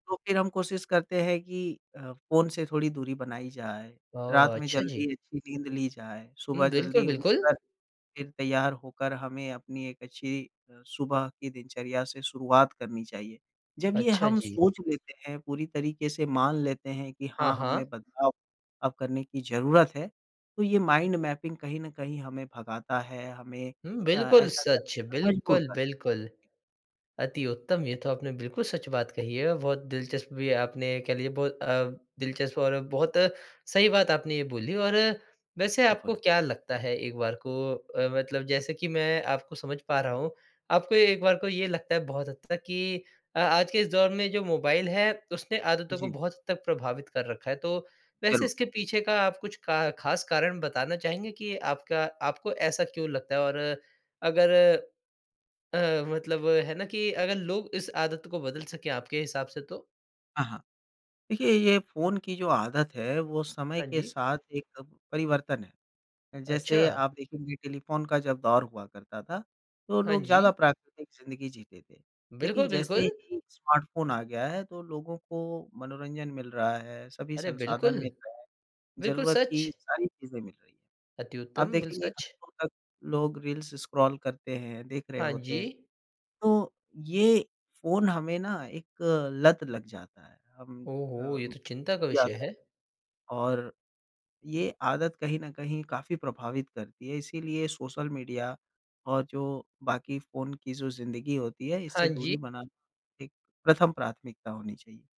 तो फ़िर हम कोशिश करते हैं कि अ, फ़ोन से थोड़ी दूरी बनाई जाए। रात ओह! में अच्छा जी। जल्दी अच्छी नींद ली जाए, हुँ, सुबह बिल्कुल, जल्दी बिल्कुल। उठकर फ़िर तैयार होकर हमें अपनी एक अच्छी अ, सुबह की दिनचर्या से शुरुआत करनी चाहिए। जब ये अच्छा हम जी। सोच लेते हैं पूरी तरीक़े से मान लेते हैं कि हाँ, हाँ हाँ। हममें बदलाव अब करने की ज़रूरत है तो ये माइंड मैपिंग कहीं न कहीं हमें भगाता है। हमें हुँ, अ, बिल्कुल ऐसा सच करने पर मजबूर बिल्कुल, करता है। बिल्कुल। अति उत्तम ये तो आपने बिल्कुल सच बात कही है बहुत दिलचस्प भी आपने कह लीजिए बहुत अ, दिलचस्प और बहुत सही बात आपने ये बोली और वैसे आपको बिल्कुल। क्या लगता है एक बार को अ, मतलब जैसे कि मैं आपको समझ पा रहा हूँ आपको एक बार को ये लगता है बहुत हद तक कि अ, आज के इस दौर में जो मोबाइल है उसने आदतों को जी। बहुत हद तक प्रभावित कर रखा है। तो वैसे ज़रूर। इसके पीछे का आप कुछ का ख़ास कारण बताना चाहेंगे कि आपका आपको ऐसा क्यों लगता है और अ, अगर अ, मतलब है ना कि अगर लोग इस आदत को बदल सके आपके हिसाब से तो? हाँ, हाँ। देखिए ये फ़ोन की जो आदत है वो समय हाँ के जी। साथ एक परिवर्तन है अच्छा। जैसे आप देखेंगे टेलीफ़ोन का जब दौर हुआ करता था। तो हाँ लोग ज़्यादा जी। प्राकृतिक ज़िंदगी जीते थे। लेकिन बिल्कुल, जैसे बिल्कुल। ही स्मार्टफोन आ गया है। तो लोगों को मनोरंजन मिल रहा है। सभी अरे, संसाधन बिल्कुल। मिल रहे हैं। बिल्कुल ज़रूरत की सच। सारी चीज़ें मिल रही हैं। अति आप उत्तम बिल देखेंगे सच। घंटों तक लोग रील्स स्क्रॉल करते हैं देख रहे हाँ होते हैं। जी। तो ये फ़ोन हमें ना एक लत लग जाता है। हम ओ हो! ये अम, तो चिंता का विषय जाते है। हैं, और ये आदत कहीं न कहीं काफ़ी प्रभावित करती है। इसलिए सोशल मीडिया और जो बाकी फ़ोन की जो ज़िंदगी होती है इससे हाँ जी। दूरी बनाना एक प्रथम प्राथमिकता होनी चाहिए।